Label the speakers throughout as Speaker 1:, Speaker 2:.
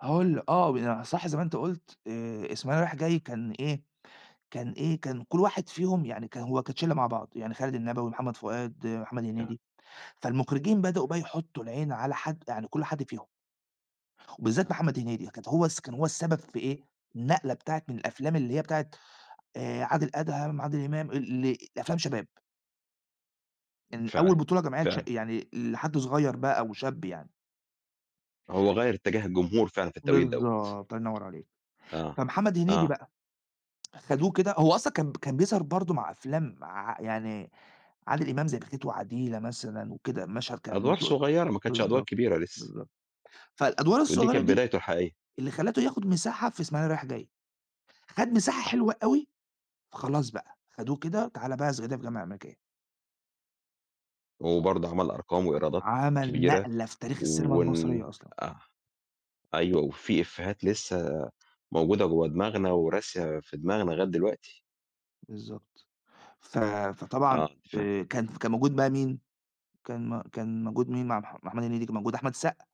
Speaker 1: هاقول ل آه، ب صح زي ما أنت قُلت آآ، إسماعيلية رايح جاي كان إيه، كان إيه، كان كلّ واحد فيهم يعني كان هو كانت شلّه مع بعض يعني خالد النبوي، محمد فؤاد، محمد
Speaker 2: آه.
Speaker 1: هنيدي، فالمخرجين بدأوا بقى يحطّوا العين على حَد يعني كلّ حد فيهم وبالذات
Speaker 2: آه.
Speaker 1: محمد هنيدي، كانت هو الس كان هو السبب في إيه، النقلة بتاعة من الأفلام، اللي هي بتاعة آآ، عادل أدهم، عادل إمام، ال إ لأفلام شباب. إن أول
Speaker 2: فعلًا،
Speaker 1: بطولة جماعية لشا
Speaker 2: فعلًا.
Speaker 1: يعني لحد صغيّر بقى أو شاب يعني.
Speaker 2: هو غيّر إتجاه الجمهور فعلًا في التوقيت دَوَّة.
Speaker 1: بالضبط، الله ينوّر عليك،
Speaker 2: آه،
Speaker 1: فمحمد هنيدي
Speaker 2: آه.
Speaker 1: بقى خدوه كده هو أصلًا كان كان بيظهَر برضه مع أفلام ع يعني عادل إمام زي بخيت وعديلة مثلًا وكده مشهد كان
Speaker 2: أدوار
Speaker 1: بيسوق
Speaker 2: صغيّرة، ما كانتش أدوار
Speaker 1: بالضبط،
Speaker 2: كبيرة لسه.
Speaker 1: بالضبط، فالأدوار
Speaker 2: ودي
Speaker 1: الصغيّرة
Speaker 2: كانت
Speaker 1: دي
Speaker 2: بدايته الحقيقية.
Speaker 1: اللي خَلّته ياخد مساحة في إسماعيلية رايح جاي، خَد مساحة
Speaker 2: آه.
Speaker 1: حلوة أوي، فخلاص بقى خَدوه كده
Speaker 2: آه.
Speaker 1: وتعالَ بقي في صعيدي في الجامعة الأمريكية
Speaker 2: وبرضه عمل أرقام
Speaker 1: أ
Speaker 2: وإيرادات
Speaker 1: عمل
Speaker 2: كبيرة
Speaker 1: نقلة في تاريخ السينما
Speaker 2: وال
Speaker 1: المصرية أصلًا.
Speaker 2: آه، أيوه، وفي إفيهات لسه موجودة جوّه دماغنا وراسية في دماغنا لغاية دلوقتي.
Speaker 1: بالضبط، ف فطبعًا
Speaker 2: آه فاهم.
Speaker 1: آآ، كان كان موجود بقى مين، كان م كان موجود مين مع مح محمد هنيدي، كان موجود أحمد السقا،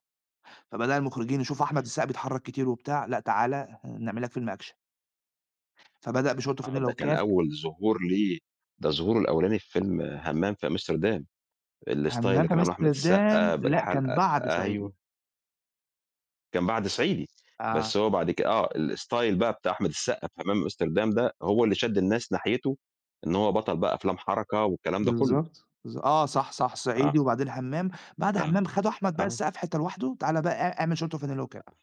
Speaker 1: فبدأ المخرجين يشوفوا أحمد السقا بيتحرّك كتير وبتاع، لأ تعالَ ه هنعمل لك فيلم أكشن. فبدأ بشورت
Speaker 2: آه
Speaker 1: وفانلة
Speaker 2: ده كان
Speaker 1: وكاب.
Speaker 2: أول ظهور ليه، ده ظهوره الأولاني في فيلم همّام في أمستردام، الstyle
Speaker 1: همّام
Speaker 2: اللي
Speaker 1: في
Speaker 2: كان عامله أحمد
Speaker 1: أمستردام
Speaker 2: السقا
Speaker 1: لأ كان
Speaker 2: بالحَلقَة،
Speaker 1: بَعد صعيدي.
Speaker 2: أيوه. كان بَعد صعيدي،
Speaker 1: آه.
Speaker 2: بس هو بَعد ك آه الstyle بقى بتاع أحمد السقا في همام في أمستردام، ده هو اللي شَد الناس ناحيته، إن هو بطَل بقى أفلام حركة والكلام ده كلّه.
Speaker 1: بالضبط، بالض آه، صح، صح، صعيدي
Speaker 2: آه.
Speaker 1: وبعدين همّام. بَعد
Speaker 2: آه،
Speaker 1: همّام خدوا أحمد بقى
Speaker 2: آه.
Speaker 1: السقا في حِتّة لوحده، تعالَ بقى إ اعمل شورت وفانلة وكاب.